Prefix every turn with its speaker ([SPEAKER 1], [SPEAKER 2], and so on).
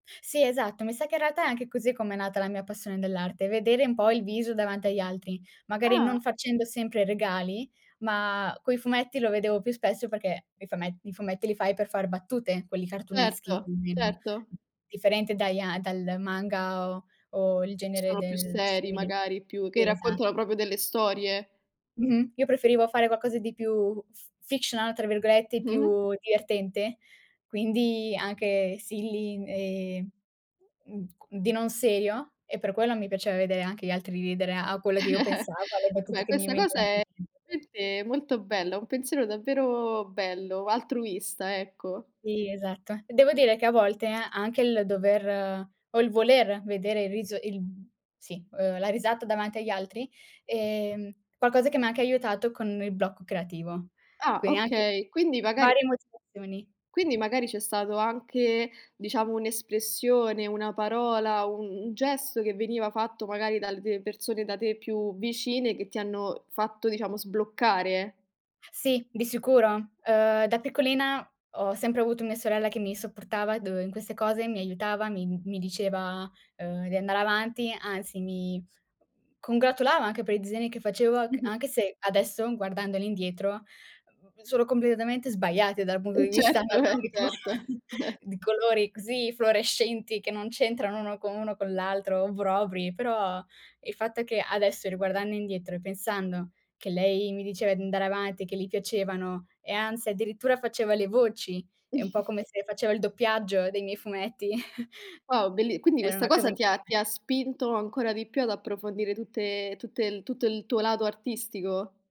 [SPEAKER 1] Sì, esatto. Mi sa che in realtà è anche così come è nata la mia passione dell'arte, vedere un po' il viso davanti agli altri. Magari non
[SPEAKER 2] Ah.
[SPEAKER 1] facendo sempre regali, ma quei fumetti lo vedevo più spesso perché i fume i fumetti li fai per far battute, quelli cartooneschi,
[SPEAKER 2] Certo,
[SPEAKER 1] almeno.
[SPEAKER 2] certo.
[SPEAKER 1] Differente dai a dal manga, o o il
[SPEAKER 2] Che
[SPEAKER 1] genere
[SPEAKER 2] sono più
[SPEAKER 1] del
[SPEAKER 2] seri
[SPEAKER 1] simile.
[SPEAKER 2] magari, più che
[SPEAKER 1] Esa
[SPEAKER 2] raccontano proprio delle storie.
[SPEAKER 1] Mh-mh, io preferivo fare qualcosa di più f "fictional" tra virgolette,
[SPEAKER 2] Mh-mh.
[SPEAKER 1] più divertente, quindi, anche silly e, mhmm, di non serio, e per quello mi piaceva vedere anche gli altri ridere, a quello che io pensavo, alle battute
[SPEAKER 2] Vabbè,
[SPEAKER 1] che mi
[SPEAKER 2] questa cosa
[SPEAKER 1] venivano
[SPEAKER 2] è
[SPEAKER 1] in me
[SPEAKER 2] [unintelligible] molto bella, un pensiero davvero bello, altruista, ecco.
[SPEAKER 1] Sì, esatto. Devo dire che a volte, a anche il dover o il voler vedere il riso il sì, uhm, la risata davanti agli altri è qualcosa che mi ha anche aiutato con il blocco creativo.
[SPEAKER 2] Ah,
[SPEAKER 1] Quindi anche
[SPEAKER 2] okay quindi magari
[SPEAKER 1] varie motivazioni.
[SPEAKER 2] quindi magari c'è stato anche, diciamo, un'espressione, una parola, un un gesto che veniva fatto, magari, dalle persone da te più vicine, che ti hanno fatto, diciamo, sbloccare.
[SPEAKER 1] Sì, di sicuro. Uhm, da piccolina, ho sempre avuto mia sorella che mi supportava dov in queste cose, mi aiutava, mi mi diceva, uhm, di andare avanti, anzi, mi congratulava anche per i disegni che facevo c
[SPEAKER 2] Mh-mh.
[SPEAKER 1] anche se adesso, guardandoli indietro, mhmm, sono completamente sbagliati dal punto di
[SPEAKER 2] Mh,
[SPEAKER 1] vista
[SPEAKER 2] certo. Eh,
[SPEAKER 1] anatomico,
[SPEAKER 2] certo. Eh.
[SPEAKER 1] di colori così fluorescenti che non c'entrano uno con uno con l'altro, obbrobri, però il fatto che adesso riguardando indietro, e pensando che lei mi diceva di andare avanti, e che gli piacevano, e anzi addirittura faceva le voci, è un po' come se faceva il doppiaggio dei miei fumetti.
[SPEAKER 2] Wow, belli quindi
[SPEAKER 1] Era
[SPEAKER 2] questa
[SPEAKER 1] una cosa
[SPEAKER 2] cosa, ti ha
[SPEAKER 1] [unintelligible]
[SPEAKER 2] ti ha spinto ancora di più ad approfondire, tutte tutte l tutto il tuo lato artistico?